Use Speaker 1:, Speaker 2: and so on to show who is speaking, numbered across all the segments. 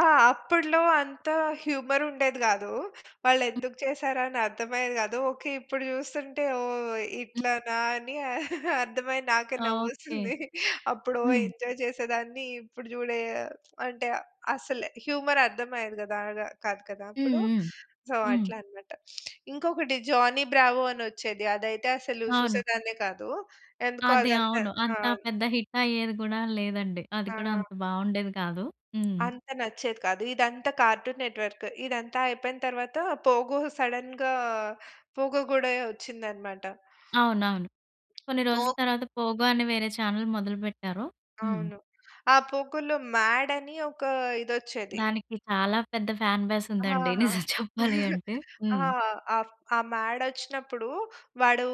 Speaker 1: ఆ! అప్పడ్లో అంత హ్యూమరుండేది గాదు.
Speaker 2: హ్మ్.
Speaker 1: వాళ్ళేందుకు చేసారని అర్థమయ్యేది గాదు. ఓకే. ఇప్పుడు జూస్తుంటే, ఓహ్!
Speaker 2: హ్మ్.
Speaker 1: ఇట్లనా అని అర్థమై నాకే
Speaker 2: ఓకే.
Speaker 1: నవ్వొస్తుంది. అప్పుడు ఓ
Speaker 2: హ్మ్.
Speaker 1: ఎంజాయ్ చేసేదాన్ని. ఇప్పుడు జూడే అంటే అసలు హ్యూమర్ అర్థమయ్యేది గాదా కాదు కదా!
Speaker 2: హ్మ్,
Speaker 1: అప్పుడు.
Speaker 2: హ్మ్.
Speaker 1: సో,
Speaker 2: హ్మ్.
Speaker 1: అట్లా అన్నమాట. ఇంకొకటి జానీ బ్రావో అని ఒచ్చేది. అదైతే అసలు
Speaker 2: అవును.
Speaker 1: చూసేదాన్నే కాదు. ఎందుకో
Speaker 2: అది.
Speaker 1: అది అంతా
Speaker 2: అవును.
Speaker 1: ఆ!
Speaker 2: అంత పెద్ద హిట్ అయ్యేది గూడా లేదండి. అది కూడా
Speaker 1: ఆ!
Speaker 2: అంత బాగుండేది గాదు. హ్మ్.
Speaker 1: అంత నచ్చేది కాదు. ఇదంతా కార్టూన్ నెట్‌వర్క్. ఇదంతా అయిపోయిన తరువాత పోగో, సడెన్‌గా పోగో గూడా ఒచ్చిందన్నమాట.
Speaker 2: అవునవును. కొన్ని
Speaker 1: పో
Speaker 2: రోజుల తర్వాత పోగో అనే వేరే చానెల్ మొదలుబెట్టారు. హ్మ్.
Speaker 1: అవును. ఆ పోగోలో 'మాడ్' అని ఒక ఇదొచ్చేది.
Speaker 2: దానికి చాలా పెద్ద ఫ్యాన్ బేస్
Speaker 1: ఆహా!
Speaker 2: ఉందండి. నిజం చెప్పాలి అంటే.
Speaker 1: ఆ!
Speaker 2: హ్మ్.
Speaker 1: ఆఫ్ ఆ మాడొచ్చినప్పుడు, వాడు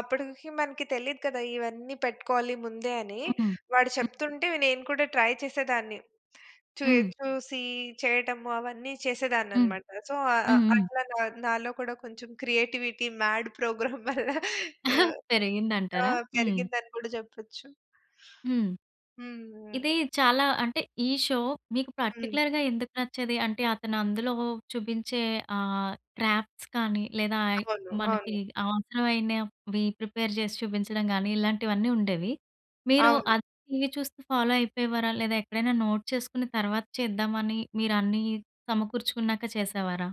Speaker 1: అప్పడికి మనకి తెలియదు కదా! ఇవన్నీ పెట్టుకోవాలి ముందే అని.
Speaker 2: హ్మ్.
Speaker 1: వాడు
Speaker 2: హ్మ్.
Speaker 1: చెప్తుంటే, అవి నేను కూడా ట్రై చేసేదాన్ని. చూయ్
Speaker 2: హ్మ్.
Speaker 1: చూసి చేయటము అవన్నీ
Speaker 2: హ్మ్.
Speaker 1: చేసేదాన్నన్నమాట. సో, అ అ
Speaker 2: హ్మ్, హ్మ్.
Speaker 1: అట్లా నా నాలో కూడా కొంచెం క్రియేటివిటీ మాడ్ ప్రోగ్రామ్ వల్ల ఆహ్ ఆ!
Speaker 2: పెరిగిందంటారా? హ్మ్.
Speaker 1: పెరిగింది అని గూడా చెప్పొచ్చు.
Speaker 2: హ్మ్.
Speaker 1: హ్మ్, హ్మ్.
Speaker 2: ఇది చాలా అంటే ఈ షో మీకు
Speaker 1: హ్మ్.
Speaker 2: పర్టిక్యులర్‌గా ఎందుకు నచ్చేది? అంటే అతను అందులో చూపించే ఆహ్, క్రాఫ్ట్స్ కానీ, లేదా ఐ
Speaker 1: అవును.
Speaker 2: మనకి
Speaker 1: అవును.
Speaker 2: అవసరమైనవి ప్రిపేర్ చేసి చూపించడం కానీ, ఇలాంటివన్నీ ఉండేవి. మీరు
Speaker 1: అవును.
Speaker 2: ఆ టీవీ చూస్తూ ఫాలో అయిపోయేవారా, లేదా ఎక్కడైనా నోట్ చేసుకొని తర్వాత చేద్దామని మీరు అన్నీ సమకూర్చుకున్నాక చేసేవారా?